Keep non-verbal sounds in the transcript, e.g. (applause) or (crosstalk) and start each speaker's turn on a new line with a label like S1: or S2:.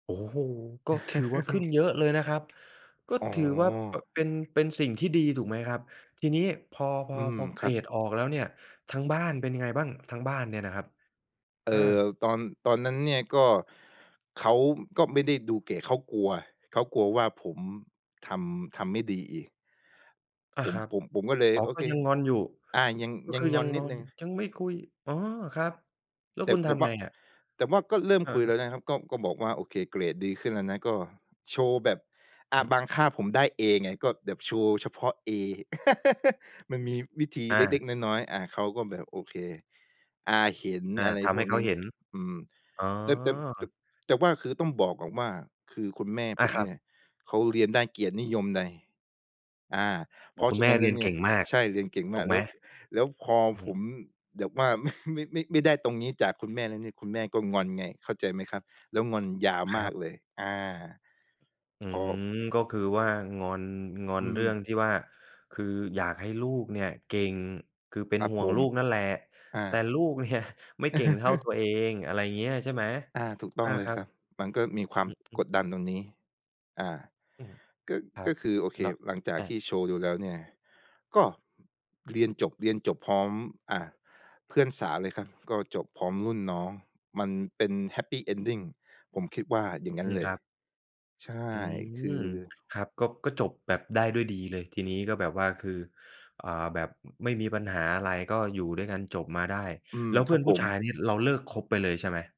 S1: โอ้โฮ! ก็ถือว่าขึ้น
S2: (chuckles)
S1: เยอะเลยนะครับ ก็
S2: อ๋
S1: ถือว่า ป
S2: อ
S1: เป็น เป็นสิ่งที่ดีถูกไหมครับ ทีนี้พอ พ
S2: อ
S1: อ
S2: ืม
S1: พอ
S2: ค
S1: เก
S2: รั
S1: ร
S2: บ
S1: ดออกแล้วเนี่ย ทาง บ้านเป็นยังไงบ้าง? ทางบ้านเนี่ยนะครับ
S2: เอ
S1: อ
S2: อ
S1: า
S2: ตอน ตอนนั้นเนี่ยก็ เขาก็ไม่ได้ดูเกรด เขากลัว เขากลัวว่าผมทำ ทำไม่ดีอีก
S1: อา
S2: ผม
S1: ครับ
S2: ผม ผมก็เลย
S1: อ๋อ
S2: โอ
S1: ก็
S2: เค
S1: ยังงอนอยู่
S2: อา ยัง
S1: ก็
S2: ยั
S1: ค
S2: ง
S1: ือ
S2: ง
S1: ยั
S2: อ
S1: ง
S2: น
S1: ง
S2: นิ
S1: อ
S2: ดหน
S1: น
S2: ึ่ง
S1: ยังไม่คุย อ๋อ ครับ แล้ว
S2: แต่
S1: คุณท
S2: แต่ว
S1: ำไ
S2: ่า
S1: งอะ?
S2: แต่ว่าก็เริ่ม
S1: ครั
S2: คุยแล
S1: บ
S2: ้วนะครับ ก็ ก็บอกว่า โอเค เกรดดีขึ้นแล้วนะ ก็ โชว์แบบ อ่
S1: อ
S2: า
S1: ืม
S2: บางค่าผมได้เอไง ก็แบบโชว์เฉพาะเอ (chuckles) มันมีวิธี
S1: อ
S2: เล็
S1: า
S2: ก ๆ น้อย ๆ อา เขาก็แบบ โอเค อา เห็น
S1: อา
S2: อะไร
S1: ทำ
S2: พ
S1: ให
S2: ว
S1: ้
S2: ก
S1: เข
S2: น
S1: า
S2: ี้
S1: เห็น
S2: อืม
S1: อ๋อ
S2: แต่ แต่ จบ แต่ว่าคือต้องบอกก่อนว่า คือคุณแม่
S1: อ
S2: ผ
S1: า
S2: ม
S1: คร
S2: เ
S1: ั
S2: นี
S1: บ
S2: ่ยเขาเรียนได้เกียรติ นิยมไน อ่า
S1: โ
S2: เ
S1: อ
S2: พ
S1: ้
S2: รา
S1: ค
S2: ะ
S1: ุ
S2: ฉ
S1: ณแ
S2: ะ
S1: ม่
S2: นั้นแ
S1: เ
S2: ล
S1: รี
S2: ้
S1: ย
S2: ว
S1: น
S2: เน
S1: เ
S2: ี่
S1: ก
S2: ย
S1: ่งมาก
S2: ใช่ เรียนเก่งม
S1: ถู
S2: าก
S1: กไ
S2: แ
S1: ห
S2: ล
S1: ม?
S2: ้ว แล้วพอ
S1: อือฮ
S2: ผ
S1: ึ
S2: มแบบว่า ไม่ ไม่ ไม่ ไม่ได้ตรงนี้จากคุณแม่แล้วเนี่ย คุณแม่ก็งอนไง เข้าใจไหมครับ? แล้วงอนยาว
S1: ค
S2: ม
S1: ร
S2: า
S1: ับ
S2: กเลย อา
S1: อื
S2: พ
S1: อ
S2: อ
S1: ฮึ ก็คือว่างอน งอ
S2: อ
S1: น
S2: ื
S1: เรื่อ
S2: ม
S1: งที่ว่า คืออยากให้ลูกเนี่ยเก่ง คือเป็
S2: ค
S1: น
S2: รับ
S1: ห่ว
S2: ผ
S1: งล
S2: ม
S1: ูกนั่นแหละ
S2: อ
S1: แต่
S2: า
S1: ลูก เนี่ย ไม่เก่งเท่าตัวเอ
S2: (chuckles)
S1: ง อะไรอย่างเงี้ย ใช่ไหม?
S2: อา ถูก ต้
S1: อ
S2: อง
S1: า
S2: เล
S1: ค
S2: ย
S1: รั
S2: ค
S1: บ
S2: รับ มันก็มีความ
S1: อือฮึ
S2: กดดันตรงนี้ อ่า
S1: อืม
S2: ก็
S1: ครั
S2: ก็
S1: บ
S2: คือ โอเค
S1: แล้ว
S2: หลังจาก
S1: อ
S2: ท
S1: า
S2: ี่โชว์ดูแล้วเนี่ย ก็ เรียนจบ เรียนจบพร้อม อ่า เพื่อนสาวเลย ครับ ก็จบพร้อมรุ่นน้อง มันเป็น happy ending ผมคิดว่าอย่างงั
S1: อ
S2: ้
S1: ื
S2: น
S1: ม
S2: เล
S1: ค
S2: ย
S1: รับ
S2: ใช่
S1: อื
S2: ค
S1: ม
S2: ือ
S1: ครับ ก็ ก็จบแบบได้ด้วยดีเลย ทีนี้ก็แบบว่า คือ อ่า แบบ อ ไม่มีปัญหาอะไร ก็อยู่ด้วยกัน จบมาได้
S2: อืม
S1: แล้วเ
S2: ค
S1: พื
S2: ร
S1: ่
S2: ับ
S1: อนผ
S2: ผ
S1: ู้
S2: ม
S1: ชายนี่ เราเลิกคบไปเลยใช่ไหม?